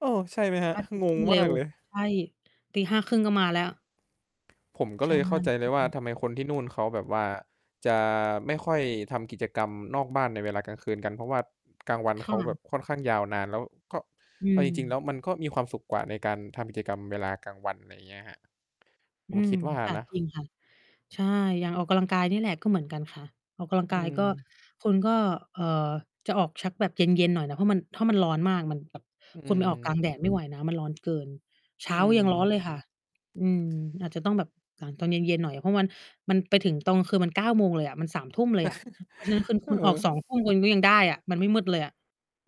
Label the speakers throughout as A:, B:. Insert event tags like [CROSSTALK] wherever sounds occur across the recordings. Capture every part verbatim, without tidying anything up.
A: เออ ใช่ไหมครับ?
B: อาทิตย
A: ง
B: ์ ข
A: ง
B: ึ้นเ
A: ม
B: ร
A: า
B: ็ว
A: กเลย
B: ใช่ ตีห้าครึ่ง ก็มาแล้ว
A: ผมก็
B: ใช
A: เลยเข้าใจเลยว่า
B: ่
A: ทำไมคนที่นู่นเขาแบบว่า จะไม่ค่อยทำกิจกรรมนอกบ้านในเวลากลางคืนกัน เพราะว่ากลางวัน
B: ค
A: เข
B: ่
A: าแบ
B: ะ
A: บค่อนข้างยาวนาน แล้วก็
B: อื
A: เอาจริง ๆ แล้
B: ม
A: วมันก็มีความสุขกว่าในการทำกิจกรรมเวลากลางวัน อะไรเงี้ยครับ ผ
B: อื
A: มค
B: ม
A: ิดว่า
B: ค่ะ
A: นะ
B: จริงค่ะ ใช่ อย่างออกกำลังกายนี่แหละก็เหมือนกันค่ะ ออกกำลัง
A: อื
B: กายก็
A: อ
B: คุณก็ เอ่อ จะออกชักแบบเย็น ๆ หน่อยนะ เพราะมัน ถ้ามันร้อนมากมันแบบ
A: อือ
B: คุณไปออกกลางแดด ไม่ไหวนะ มันร้อนเกิน เช
A: อ
B: ้
A: ื
B: ายังร้อ
A: อ
B: นเลยค่ะ อืม อาจจะต้องแบบหลังตอนเย็น ๆ หน่อยอะ เพราะมัน มันไปถึงตอนกลางคืนมัน เก้า โมงเลยอะ มัน สามทุ่ม เลยอะ เพราะฉะนั้นคึ
A: [CHUCKLES]
B: น
A: เ
B: คุณออก
A: อ
B: สอ
A: อ
B: งทุ่ม คุณก็ยังได้อะ มันไม่มืดเลยอะ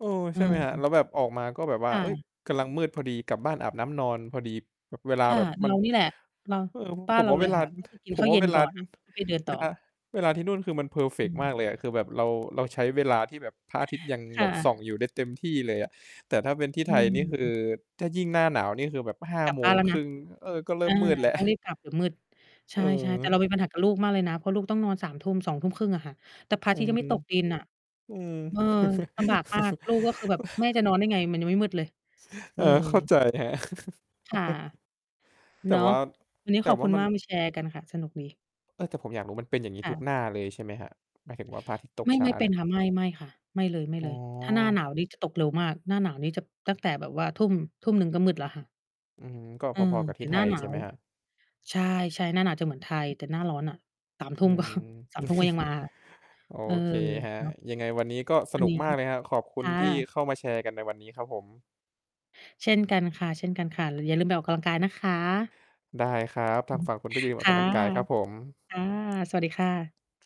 A: เออ
B: เอ
A: ใช่ไหมครับ? แ
B: อ
A: ล้วแบบออกมาก็แบบว่
B: ค
A: า
B: ่
A: เฮ่ย
B: ะ
A: กำลังมืดพอดี กลับบ้านอาบน้ำนอนพอดี บ เวลา
B: ค่
A: แ
B: ะ
A: บบม
B: เ
A: ั
B: ร
A: น
B: านี่แหละ เรา
A: เออ
B: บ้
A: ผ
B: าน
A: ม
B: เร
A: ว
B: า
A: ่า
B: เล
A: เว
B: ย
A: ลา
B: ค่ะ ก็คือ กิ
A: ผ
B: นข
A: ม
B: ้า
A: ว
B: ว
A: ่
B: เ
A: า
B: ย็
A: เ
B: น
A: วลา
B: ก่อน น่ะ แล้ว ไปเดิน
A: เ
B: ต
A: ว
B: ่
A: ลา
B: อ
A: เวลาที่นู่นคือมันเพอร์เฟ
B: อ
A: กต์มา
B: ืม
A: กเลยอะ คือแบบเรา เราใช้เวลาที่แบบพระอาทิตย์ยัง
B: ค
A: แบ
B: ่ะ
A: บส่องอยู่ได้เต็มที่เลยอะ แต่ถ้าเป็นที่
B: อ
A: ไ
B: ื
A: ทยนี่คือ
B: ม
A: ถ้ายิ่งหน้าหนาวนี่คือแบบ ห้า
B: กลับ
A: โม
B: บ้า
A: ง
B: นแล้ว
A: ค
B: น
A: ร
B: ะ
A: ึ่ง เออ ก็เริ่
B: อา
A: มมืดแล้ว
B: ต้องรี
A: [CHUCKLES]
B: บกลับเดี๋ยวมืด ใช่ ๆ แต่เรา
A: เออ
B: มีปัญหากับลูกมากเลยนะ เพราะลูกต้องนอน สามทุ่ม สองทุ่มครึ่ง อะค่ะ แต่พระอ
A: อื
B: าทิตย์ก็ยังไม
A: ม
B: ่ตกดินน่ะ
A: อืม
B: เออ ลำบากมาก ลูกก็คือแบบ "แม่ จะ
A: [CHUCKLES]
B: นอนได้ไง? มันยังไม่มืดเลย" เ
A: เ
B: อ
A: อ
B: อ
A: อ เข้าใจครั
B: ค่ะ
A: บ [CHUCKLES] แต
B: เน
A: ่
B: าะ
A: ว่า
B: วันนี้
A: แต
B: ข
A: ่
B: อบ
A: ว
B: ค
A: ่
B: ุ
A: า
B: ณ
A: มั
B: ม
A: น
B: ากมาแชร์กันค่ะ สนุกดี
A: เออ แต่ผมอยากรู้ มันเป็นอย่างงี้
B: ค่
A: ทุก
B: ะ
A: หน้าเลยใช่ไหมครับ? หมายถึงว่าพระอาทิตย์ตก
B: ไม่
A: ช้
B: ไ
A: า
B: ม่เป
A: เน
B: ็
A: ี่
B: น
A: ย
B: ค่ะ ไม่ ไม่ค่ะ ไม่เ
A: อ๋
B: ลย ๆ ถ้าหน้า
A: อ
B: หนาวนี่จะตกเร็วมาก หน้าหนาวนี่จะ ตั้งแต่แบบว่า ทุ่ม ทุ่มหนึ่ง ก็มืดแล้วค่ะ
A: อืม ก็
B: เออ
A: พอ ๆ กับ
B: แ
A: ท
B: ต
A: ี
B: ่
A: ่ไท
B: หน้า
A: ย
B: หนา
A: ใช่ไห
B: ว
A: มครับ?
B: ใช่ ๆ หน้าหนาวจะเหมือนไทย แต่หน้าร้อนน่ะ สามท
A: อ
B: ุ
A: ื
B: ่ม ก็
A: ม
B: สามทุ่ม ก็ยัง
A: [CHUCKLES]
B: มา
A: โอ
B: เออ
A: เคครับ
B: เนาะ
A: ยังไงวันนี้ก็ส
B: อั
A: น
B: น
A: ุ
B: น
A: ก
B: ี้
A: มากเลยครับ ขอบคุ
B: ค
A: ณ
B: ่
A: ที่
B: ะ
A: เข้ามาแชร์กันในวันนี้ครับผม
B: เช่นกันค่ะ ๆ หรืออย่าลืมไปออกกำลังกายนะคะ
A: ได้ครับ ทางฝ
B: [CHUCKLES]
A: ั่งคุณก็อย่าลืมออ
B: ค
A: กก
B: ่ะ
A: ำลังกายครับผม
B: ค่ะ สวัสดีค่ะ